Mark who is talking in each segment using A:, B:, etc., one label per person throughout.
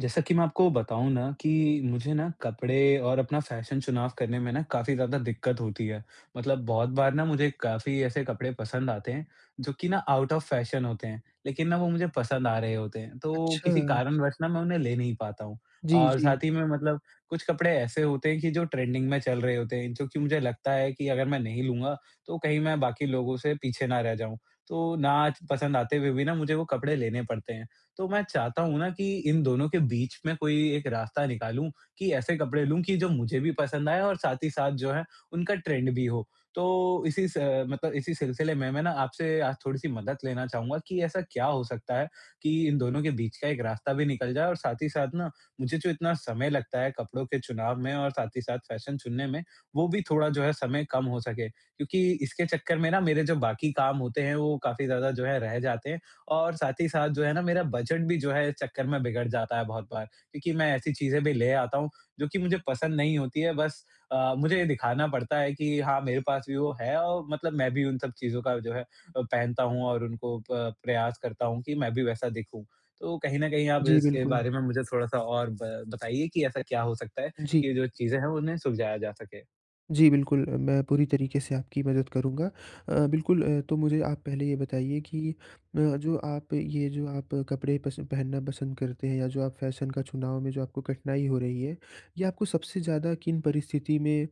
A: जैसा कि मैं आपको बताऊँ ना कि मुझे ना, कपड़े और अपना फ़ैशन चुनाव करने में ना काफ़ी ज़्यादा दिक्कत होती है। मतलब बहुत बार ना, मुझे काफ़ी ऐसे कपड़े पसंद आते हैं, जो कि ना आउट ऑफ़ फ़ैशन होते हैं, लेकिन ना वो मुझे पसंद आ रहे होते हैं। तो किसी
B: अच्छा।
A: कारणवश ना मैं उन्हें ले नहीं पाता हूँ,
B: जी,
A: और
B: जी।
A: साथ ही में मतलब कुछ कपड़े ऐसे होते हैं कि जो ट्रेंडिंग में चल रहे होते हैं, जो कि मुझे लगता है कि अगर मैं नहीं लूँगा, तो कहीं मैं बाकी लोगों से पीछे ना रह जाऊँ। तो ना च पसंद आते हुए भी ना, मुझे वो कपड़े लेने पड़ते हैं। तो मैं चाहता हूँ ना कि इन दोनों के बीच में कोई भी एक रास्ता निकालूँ, कि ऐसे कपड़े लूँ कि जो मुझे भी पसंद आएँ और साथ ही साथ जो है, उनका ट्रेंड भी हो। तो, इसी स अ, मतलब इसी सिलसिले में, मैं ना आपसे आज थोड़ी-सी मदद लेना चाहूँगा कि ऐसा क्या हो सकता है, कि इन दोनों के बीच का एक रास्ता भी निकल जाए और साथ ही साथ ना, मुझे जो इतना समय लगता है कपड़ों के चुनाव में और साथ ही साथ फ़ैशन चुनने में, वो भी थोड़ा जो है समय कम हो सके। क्योंकि इसके चक्कर में ना, मेरे जो बाकी काम होते हैं, वो काफ़ी ज़्यादा जो है रह जाते हैं, और साथ ही साथ जो है ना, मेरा बजट भी जो है इस चक्कर में बिगड़ जाता है बहुत बार, क्योंकि मैं ऐसी चीज़ें भी ले आता हूँ, जो कि मुझे पसंद नहीं होती हैं, बस अ, मुझे ये दिखाना पड़ता है कि हाँ, मेरे पास भी वो है और मतलब मैं भी उन सब चीज़ों का जो है अ, पहनता हूँ और उनको प प्रयास करता हूँ कि मैं भी वैसा दिखूँ। तो कहीं न कहीं आप
B: जी,
A: इसके
B: बिल्कुल।
A: बारे में मुझे थोड़ा-सा और ब बताइए कि ऐसा क्या हो सकता है
B: जी।
A: कि ये जो चीज़ें हैं, उन्हें सुलझाया जा सके?
B: जी, बिल्कुल अ, मैं पूरी तरीके से आपकी मदद करूँगा अ, बिल्कुल अ, तो मुझे आप पहले ये बताइए कि म जो आप ये जो आप कपड़े पसंद पहनना पसंद करते हैं या जो आप फैशन का चुनाव में जो आपको कठिनाई हो रही है, ये आपको सबसे ज़्यादा किन परिस्थिति में अ,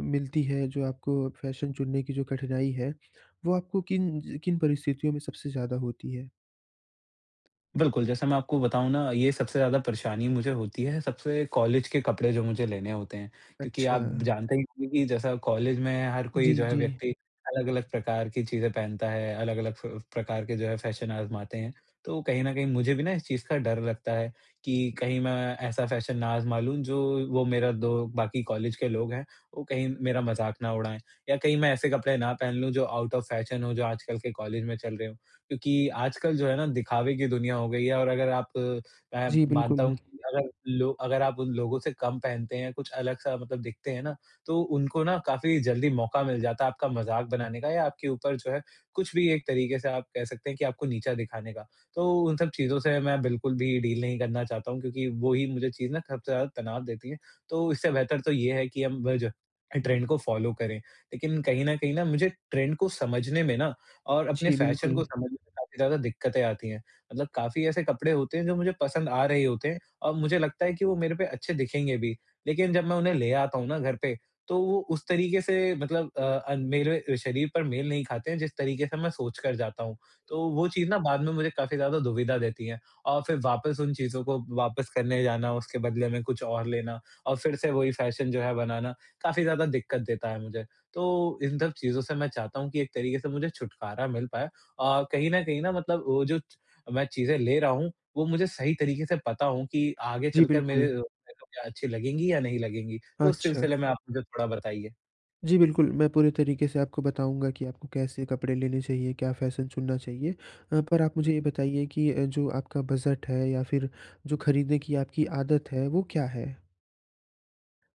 B: मिलती है जो आपको फैशन चुनने की जो कठिनाई है, वो आपको किन ज किन परिस्थितियों में सबसे ज़्यादा होती है?
A: बिल्कुल, जैसा मैं आपको बताऊँ ना ये सबसे ज़्यादा परेशानी मुझे होती है, सबसे कॉलेज के कपड़े जो मुझे लेने होते हैं, क्योंकि आप
B: अच्छा।
A: जानते ही होंगे कि जैसा कॉलेज में हर कोई
B: जी,
A: जो है,
B: जी।
A: व्यक्ति अलग-अलग प्रकार की चीज़ें पहनता है, अलग-अलग फ प्रकार के जो है फैशन आज़माते हैं। तो कहीं न कहीं मुझे भी ना इस चीज़ का डर लगता है कि, कहीं मैं ऐसा फैशन ना आज़मा लूँ, जो वो मेरा दो बाकी कॉलेज के लोग हैं, वो कहीं मेरा मज़ाक ना उड़ाएँ या कहीं मैं ऐसे ना पहन लूँ जो आउट ऑफ फैशन हो, जो आजकल के कॉलेज में चल रहे हों। क्योंकि आजकल जो है ना दिखावे की दुनिया हो गई है और अगर आप मैं
B: जी,
A: मानता
B: बिल्कुल।
A: हूँ कि अगर लो अगर आप उन लोगों से कम पहनते हैं, कुछ अलग सा मतलब दिखते हैं ना, तो उनको ना काफ़ी जल्दी मौका मिल जाता है आपका मज़ाक बनाने का या आपके ऊपर जो है, कुछ भी एक तरीके से आप कह सकते हैं कि आपको नीचा दिखाने का। तो उन सब चीज़ से मैं बिल्कुल भी डील नहीं करना चाहता हूँ, क्योंकि वो ही मुझे चीज़ ना सबसे ज़्यादा तनाव देती है, तो इससे बेहतर तो ये है कि हम ब ज अ, ट्रेंड को फॉलो करें। लेकिन कहीं न कहीं मुझे ट्रेंड को समझने में ना और अपने
B: जी,
A: फैशन को
B: बिल्कुल।
A: समझने में, काफ़ी ज़्यादा दिक्कतें आती हैं। मतलब काफ़ी ऐसे कपड़े होते हैं, जो मुझे पसंद आ रहे होते हैं और मुझे लगता है कि वो मेरे पे अच्छे दिखेंगे भी, लेकिन जब मैं उन्हें ले आता हूँ ना घर पे, तो वो उस तरीके से मतलब अ, अन मेरे शरीर पर मेल नहीं खाते हैं, जिस तरीके से मैं सोच कर जाता हूँ। तो वो चीज़ ना बाद में मुझे काफ़ी ज़्यादा दुविधा देती है और फिर वापस उन चीज़ों को वापस करने जाना, उसके बदले में कुछ और लेना और फिर से वही फैशन जो है बनाना, काफ़ी ज़्यादा दिक्कत देता है मुझे। तो, इन सब चीज़ों से मैं चाहता हूँ कि एक तरीके से मुझे छुटकारा मिल पाए और कहीं न कहीं ना मतलब वो जो च मैं चीज़ें ले रहा हूँ, वो मुझे सही तरीके से पता हों कि, आगे
B: जी,
A: चल कर
B: बिल्कुल।
A: मेरे [unintelligible] अच्छी लगेंगी या नहीं लगेंगी? तो उस
B: अच्छा।
A: सिलसिले में आप मुझे थोड़ा बताइए।
B: जी, बिल्कुल मैं पूरे तरीके से आपको बताऊँगा कि आपको कैसे कपड़े लेने चाहिए, क्या फैशन चुनना चाहिए। अ, पर आप मुझे ये बताइए कि अ, जो आपका बजट है या फिर जो खरीदने की आपकी आदत है, वो क्या है?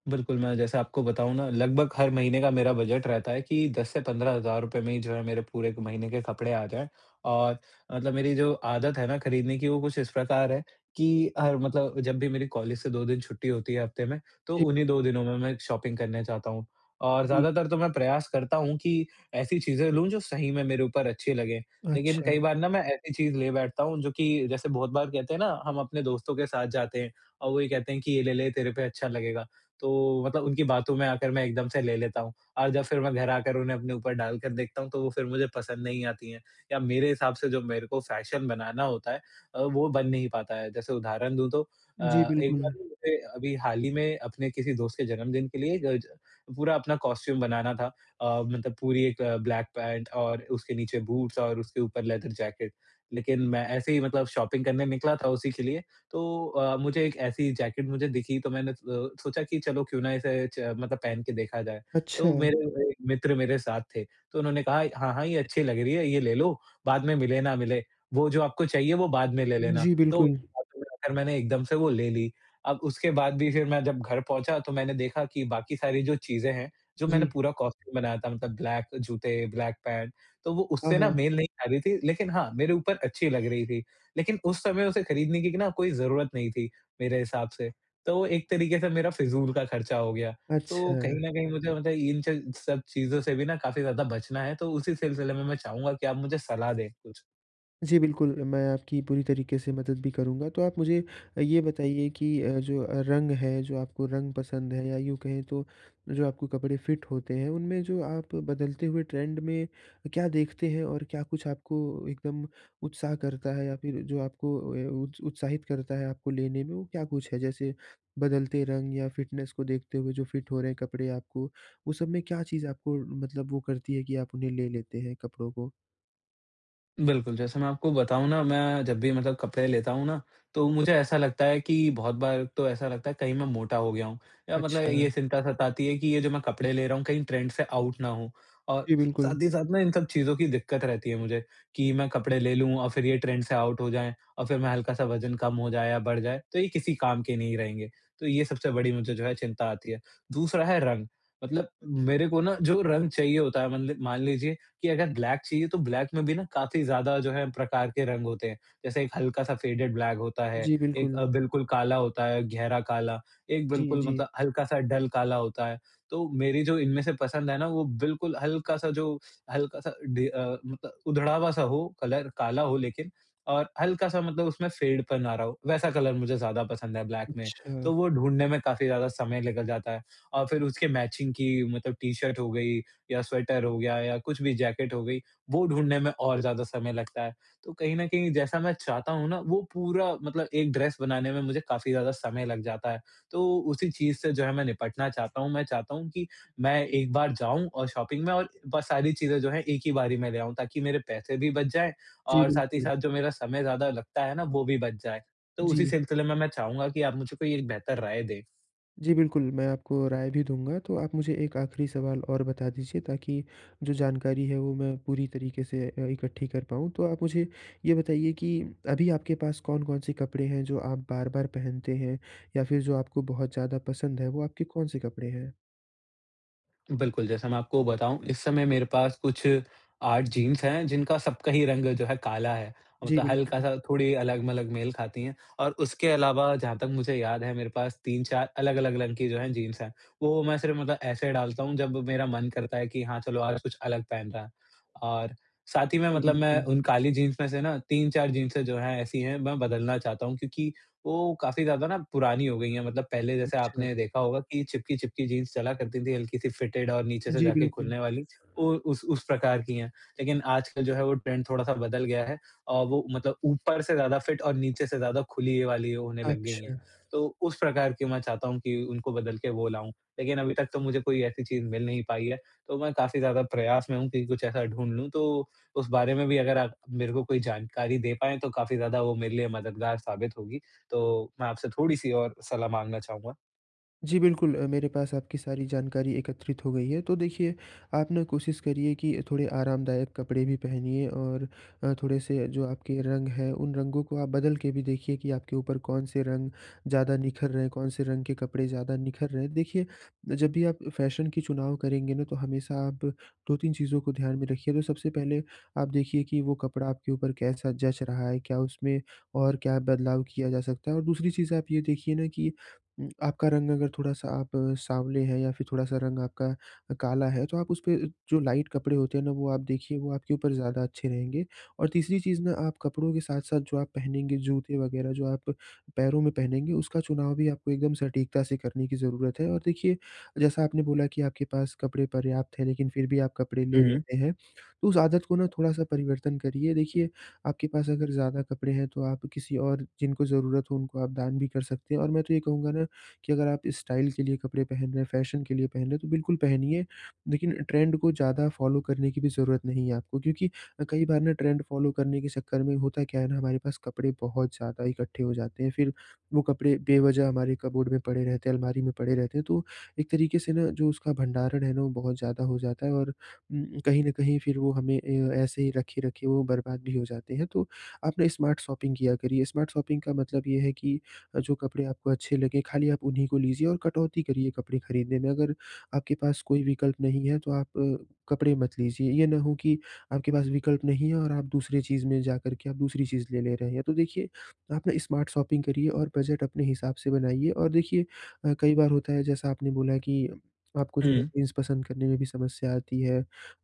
A: बिल्कुल, मैं जैसे आपको बताऊँ ना लगभग हर महीने का मेरा बजट रहता है कि 10 से 15 हज़ार रुपये में ही जो है, मेरे पूरे महीने के कपड़े आ जाएँ और मतलब मेरी जो आदत है ना खरीदने की, वो कुछ इस प्रकार है कि हर मतलब जब भी मेरी कॉलेज से 2 दिन छुट्टी होती है हफ़्ते में, तो
B: जी।
A: उन्हीं 2 दिनों में मैं शॉपिंग करने जाता हूँ। और
B: जी।
A: ज़्यादातर तो मैं प्रयास करता हूँ कि ऐसी चीजें लूँ जो सही में मेरे ऊपर अच्छी लगें, लेकिन
B: अच्छा।
A: कई बार ना मैं ऐसी चीज़ ले बैठता हूँ, जो कि जैसे बहुत बार कहते हैं ना हम अपने दोस्तों के साथ जाते हैं और वो ये कहते हैं कि, "ये ले ले, तेरे पे अच्छा लगेगा," तो मतलब उनकी बातों में आकर मैं एकदम से ले लेता हूँ। और जब फिर मैं घर आकर उन्हें अपने ऊपर डाल कर देखता हूँ, तो वो फिर मुझे पसंद नहीं आती हैं या मेरे हिसाब से जो मेरे को फैशन बनाना होता है अ, वो बन नहीं पाता है, जैसे उदाहरण दूँ तो अ,
B: जी,
A: एक बार
B: बिल्कुल।
A: ना मुझे अभी हाल ही में अपने किसी दोस्त के जन्मदिन के लिए ज पूरा अपना कॉस्ट्यूम बनाना था अ, मतलब पूरी एक ब्लैक पैंट और उसके नीचे बूट्स और उसके ऊपर लेदर जैकेट। लेकिन मैं ऐसे ही मतलब शॉपिंग करने निकला था उसी के लिए, तो अ, मुझे एक ऐसी जैकेट मुझे दिखी, तो मैंने अ, सोचा कि चलो क्यों ना इसे च मतलब पहन के देखा जाए? तो
B: अच्छा।
A: मेरे एक मित्र मेरे साथ थे, तो उन्होंने कहा, "हाँ, हाँ ये अच्छी लग रही है ये ले लो, बाद में मिले ना मिले, वो जो आपको चाहिए वो बाद में ले लेना।"
B: जी,
A: तो
B: बिल्कुल।
A: उनकी बातों में आकर मैंने एकदम से वो ले ली, अब उसके बाद भी फिर मैं जब घर पहुँचा तो मैंने देखा कि बाकी सारी जो चीज़ें हैं, जो मैंने
B: जी।
A: पूरा कॉस्ट्यूम बनाया था, मतलब ब्लैक जूते, ब्लैक पैंट, तो वो
B: हाँ,
A: उससे ना
B: हाँ।
A: मेल नहीं खा रही थी, लेकिन हाँ, मेरे ऊपर अच्छी लग रही थी। लेकिन उस समय उसे खरीदने की क ना कोई ज़रूरत नहीं थी मेरे हिसाब से, तो एक तरीके से मेरा फिज़ूल का खर्चा हो गया, तो कहीं
B: अच्छा।
A: न कहीं मुझे मतलब इन च सब चीज़ों से भी ना, काफ़ी ज़्यादा बचना है, तो उसी सिलसिले में मैं चाहूँगा कि आप मुझे सलाह दें कुछ।
B: जी, बिल्कुल मैं आपकी पूरी तरीके से मदद भी करूँगा, तो आप मुझे अ, ये बताइए कि अ, जो रंग है, जो आपको रंग पसंद है या यूँ कहें तो जो आपको कपड़े फिट होते हैं, उनमें जो आप बदलते हुए ट्रेंड में अ, क्या देखते हैं? और क्या कुछ आपको एकदम उत्साह करता है या फिर जो आपको अ, उ उत्साहित करता है आपको लेने में, वो क्या कुछ है? जैसे बदलते रंग या फिटनेस को देखते हुए जो फिट हो रहे हैं कपड़े आपको, वो सब में क्या चीज़ है आपको मतलब वो करती है, कि आप उन्हें ले लेते हैं कपड़ों को?
A: बिल्कुल, जैसे मैं आपको बताऊँ ना, मैं जब भी मतलब कपड़े लेता हूँ ना, तो मुझे ऐसा लगता है कि बहुत बार तो ऐसा लगता है कहीं मैं मोटा हो गया हूँ या मतलब ये
B: अच्छा।
A: चिंता सताती है, कि ये जो मैं कपड़े ले रहा हूँ कहीं ट्रेंड से आउट ना हों और
B: जी, बिल्कुल।
A: साथ ही साथ ना इन सब चीज़ों की दिक्कत रहती है मुझे, कि मैं कपड़े ले लूँ और फिर ये ट्रेंड से आउट हो जाएँ और फिर मैं हल्का सा वजन कम हो जाए या बढ़ जाए, तो ये किसी काम के नहीं रहेंगे, तो ये सबसे बड़ी मुझे जो है चिंता आती है। दूसरा है रंग, मतलब मेरे को ना जो रंग चाहिए होता है मतलब मान लीजिए कि अगर ब्लैक चाहिए तो ब्लैक में भी ना काफ़ी ज़्यादा जो है, प्रकार के रंग होते हैं। जैसे एक हल्का सा फेडेड ब्लैक होता है,
B: जी,
A: एक
B: बिल्कुल।
A: अ, बिल्कुल काला होता है, गहरा काला, एक
B: जी,
A: बिल्कुल
B: जी।
A: मतलब हल्का सा डल काला होता है। तो मेरी जो इनमें से पसंद है ना, वो बिल्कुल हल्का सा जो हल्का सा ढे अ, उद उधड़ा हुआ सा हो कलर काला हो लेकिन और अ, हल्का सा मतलब उसमें फेडपन आ रहा हो, वैसा कलर मुझे ज़्यादा पसंद है ब्लैक में। तो
B: अच्छा।
A: वो ढूँढ़ने में काफ़ी ज़्यादा समय निकल जाता है और फिर उसके मैचिंग की मतलब टी शर्ट हो गई या स्वेटर हो गया या कुछ भी जैकेट हो गई, वो ढूँढने में और ज़्यादा समय लगता है। तो कहीं न कहीं जैसा मैं चाहता हूँ ना वो पूरा मतलब एक ड्रेस बनाने में मुझे काफ़ी ज़्यादा समय लग जाता है, तो उसी चीज़ से जो है मैं निपटना चाहता हूँ, मैं चाहता हूँ कि मैं एक बार जाऊँ और शॉपिंग में और बस सारी चीज़ें जो हैं एक ही बार ही मैं ले आऊँ, ताकि मेरे पैसे भी बच जाएँ
B: जी,
A: और साथ ही
B: बिल्कुल।
A: साथ जो मेरा समय ज़्यादा लगता है ना, वो भी बच जाए। तो उसी
B: जी।
A: सिलसिले में मैं चाहूँगा कि आप मुझे कोई एक बेहतर राय दे।
B: जी, बिल्कुल मैं आपको राय भी दूँगा, तो आप मुझे एक आखिरी सवाल और बता दीजिए ताकि जो जानकारी है, वो मैं पूरी तरीके से अ, इकट्ठी कर पाऊँ। तो आप मुझे ये बताइए कि अभी आपके पास कौन-कौन से कपड़े हैं, जो आप बार-बार पहनते हैं या फिर जो आपको बहुत ज़्यादा पसंद है, वो आपके कौन-से कपड़े हैं?
A: बिल्कुल, जैसा मैं आपको बताऊँ इस समय मेरे पास कुछ 8 जीन्स हैं, जिनका सबका ही रंग जो है काला है,
B: जी,
A: मतलब
B: बिल्कुल।
A: हल्का-सा थोड़ी अलग-मलग मेल खाती है और उसके अलावा जहाँ तक मुझे याद है मेरे पास 3-4 अलग-अलग रंग की जो है जीन्स है। वो मैं सिर्फ मतलब ऐसे डालता हूँ जब मेरा मन करता है कि हाँ, चलो आज कुछ अलग पहन रहा है और साथ ही में मतलब मैं
B: बिल्कुल।
A: उन काली जीन्स में से ना 3-4 जिन्सें जो है, ऐसी है, मैं बदलना चाहता हूँ, क्योंकि वो काफ़ी ज़्यादा ना पुरानी हो गई है। मतलब पहले जैसे
B: अच्छा।
A: आपने देखा होगा कि चिपकी-चिपकी जीन्स चला करती थी, हल्की-सी फिटेड और नीचे से
B: जी,
A: जाके
B: बिल्कुल।
A: खुलने वाली, वो उस उस प्रकार की है, लेकिन आजकल जो है वो ट्रेंड थोड़ा-सा बदल गया है, औ वो मतलब ऊपर से ज़्यादा फिट और नीचे से ज़्यादा खुली ये वाली होने लग गई हैं।
B: अच्छा।
A: तो उस प्रकार की मैं चाहता हूँ कि उनको बदल के वो लाऊँ, लेकिन अभी तक तो मुझे कोई ऐसी चीज़ मिल नहीं पाई है, तो मैं काफ़ी ज़्यादा प्रयास में हूँ कि कुछ ऐसा ढूँढ़ लूँ। तो उस बारे में भी अगर आप मेरे को कोई जानकारी दे पाएँ, तो काफ़ी ज़्यादा वो मेरे लिए मददगार साबित होगी, तो मैं आपसे थोड़ी-सी और सलाह माँगना चाहूँगा।
B: जी, बिल्कुल अ, मेरे पास आपकी सारी जानकारी एकत्रित हो गई है, तो देखिए, आप ना कोशिश करिए कि थोड़े आरामदायक कपड़े भी पहनिए और अ, थोड़े-से जो आपके रंग हैं, उन रंगों को आप बदल के भी देखिए कि आपके ऊपर कौन-से रंग ज़्यादा निख़र रहे हैं, कौन-से रंग के कपड़े ज़्यादा निखर रहे हैं। देखिए, जब भी आप अ, फैशन के चुनाव करेंगे ना, तो हमेशा आप 2-3 चीज़ों को ध्यान में रखिए, तो सबसे पहले आप देखिए कि वो कपड़ा आपके ऊपर कैसा जँच रहा है? क्या उसमें और क्या बदलाव किया जा सकता है? और दूसरी चीज़ आप ये देखिए ना कि उम, आपका रंग अगर थोड़ा-सा आप साँवले हैं या फिर थोड़ा-सा रंग आपका अ, काला है, तो आप उसपे जो लाइट कपड़े होते हैं ना, वो आप देखिए वो आपके ऊपर ज़्यादा अच्छे रहेंगे। और तीसरी चीज़ ना आप कपड़ों के साथ-साथ जो आप पहनेंगे जूते वगैरह, जो आप पैरों में पहनेंगे उसका चुनाव भी आपको एकदम सटीकता से करने की ज़रूरत है। और देखिए, जैसा आपने बोला कि आपके पास कपड़े पर्याप्त है, लेकिन फिर भी आप कपड़े ले
A: हुँ।
B: लेते हैं, तो उस आदत को ना थोड़ा-सा परिवर्तन करिए। देखिए, आपके पास अगर ज़्यादा कपड़े हैं, तो आप किसी और जिनको ज़रूरत हो उनको आप दान भी कर सकते हैं और मैं तो ये कहूँगा ना, कि अगर आप स्टाइल के लिए कपड़े पहन रहे हैं, फैशन के लिए पहन रहे हैं, तो बिल्कुल पहनिए, लेकिन ट्रेंड को ज़्यादा फ़ॉलो करने की भी ज़रूरत नहीं है आपको, क्योंकि अ, कई बार ना ट्रेंड फ़ॉलो करने के चक्कर में होता क्या है ना, हमारे पास कपड़े बहुत ज़्यादा इकट्ठे हो जाते हैं, फिर वो कपड़े बेवजह हमारे कपबोर्ड में पड़े रहते हैं, अलमारी में पड़े रहते हैं। तो, एक तरीके से ना जो उसका भंडारण है ना वो बहुत ज़्यादा हो जाता है और उम, कहीं न कहीं फिर वो हमें अ, ऐसे ही रखे, रखे वो बर्बाद भी हो जाते हैं, तो आप ना स्मार्ट शॉपिंग किया करिए। स्मार्ट शॉपिंग का मतलब ये है कि अ, जो कपड़े आपको अच्छे लगे खाली आप उन्हीं को लीजिए और कटौती करिए कपड़े खरीदने में, अगर आपके पास कोई विकल्प नहीं है, तो आप कपड़े मत लीजिए, ये ना हो कि आपके पास विकल्प नहीं है और आप दूसरी चीज़ में जाकर के आप, दूसरी चीज़ ले ले रहे हैं। तो देखिए, आप ना स्मार्ट शॉपिंग करिए और बजट अपने हिसाब से बनाइए। और देखिए अ, कई बार होता है जैसा आपने बोला कि आपको जो है
A: हुँ।
B: जीन्स पसंद करने में भी समस्या आती है,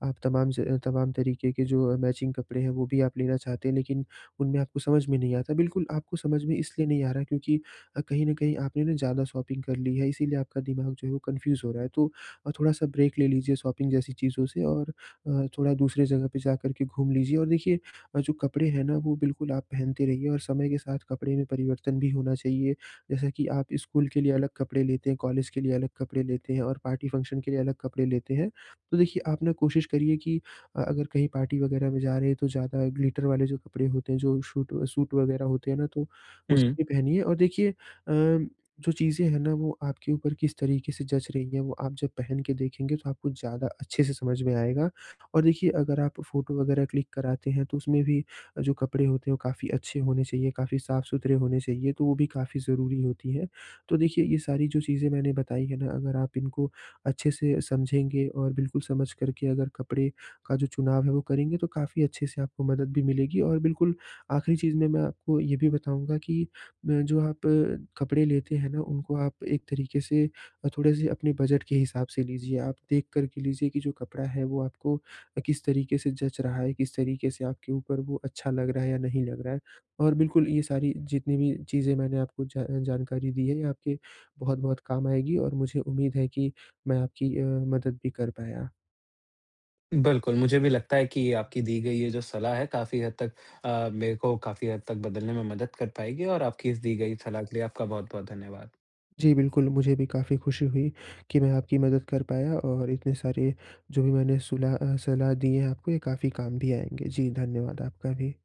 B: आप तमाम ज तमाम तरीके के जो मैचिंग कपड़े हैं, वो भी आप लेना चाहते हैं, लेकिन उनमें आपको समझ में नहीं आता है। बिल्कुल आपको समझ में इसलिए नहीं आ रहा क्योंकि अ, कहीं न कहीं आपने ना ज़्यादा शॉपिंग कर ली है, इसीलिए आपका दिमाग जो है, वो कन्फ्यूज़ हो रहा है। तो अ, थोड़ा-सा ब्रेक ले लीजिए शॉपिंग जैसी चीज़ों से और अ, थोड़ा दूसरे जगह पे जाकर के घूम लीजिए और देखिए अ, जो कपड़े हैं ना वो बिल्कुल आप पहनते रहिए और समय के साथ कपड़े में परिवर्तन भी होना चाहिए। जैसे कि आप स्कूल के लिए अलग कपड़े लेते हैं, कॉलेज के लिए अलग कपड़े लेते हैं और पार्टी, फंक्शन के लिए अलग कपड़े लेते हैं, तो देखिए आप ना कोशिश करिए कि अ, अगर कहीं पार्टी वगैरह में जा रहें है, तो ज़्यादा ग्लिटर वाले जो कपड़े होते हैं, जो शूट सूट वगैरह होते हैं ना, तो वो सब
A: हुँ।
B: भी पहनिए। और देखिए अ, जो चीज़ें हैं ना वो आपके ऊपर किस तरीके से जँच रही है, वो आप जब पहन के देखेंगे तो आपको ज़्यादा अच्छे से समझ में आएगा। और देखिए, अगर आप फ़ोटो वगैरह क्लिक कराते हैं, तो उसमें भी अ, जो कपड़े होते हैं, वो काफ़ी अच्छे होने चाहिए, काफ़ी साफ-सुथरे होने चाहिए, तो वो भी काफ़ी ज़रूरी होती है। तो देखिए, ये सारी जो चीज़ें मैंने बताई है ना, अगर आप इनको अच्छे से समझेंगे और बिल्कुल समझकर के अगर कपड़े का जो चुनाव है वो करेंगे तो काफ़ी अच्छे से आपको मदद भी मिलेगी। और बिल्कुल आख़िरी चीज़ में मैं आपको ये भी बताऊँगा कि अ, जो आप अ, कपड़े लेते हैं ना उनको आप एक तरीके से अ, थोड़े-से अपने बजट के हिसाब से लीजिए, आप देख कर के लीजिए कि जो कपड़ा है, वो आपको अ, किस तरीके से जँच रहा है, किस तरीके से आपके ऊपर वो अच्छा लग रहा है या नहीं लग रहा है? और बिल्कुल ये सारी जितनी भी चीज़ें मैंने आपको जा जानकारी दी है, ये आपके बहुत-बहुत काम आएगी। और मुझे उम्मीद है कि मैं आपकी अ, मदद भी कर पाया।
A: बिल्कुल, मुझे भी लगता है कि ये आपकी दी गई ये जो सलाह है काफ़ी हद तक अ, मेरे को काफ़ी हद तक बदलने में मदद कर पाएगी और आपकी इस दी गई सलाह के लिए आपका बहुत-बहुत धन्यवाद।
B: जी, बिल्कुल मुझे भी काफ़ी खुशी हुई, कि मैं आपकी मदद कर पाया और इतने सारे जो भी मैंने सुलह अ, सलाह दी है आपको ये काफ़ी काम भी आएँगे। जी, धन्यवाद आपका भी।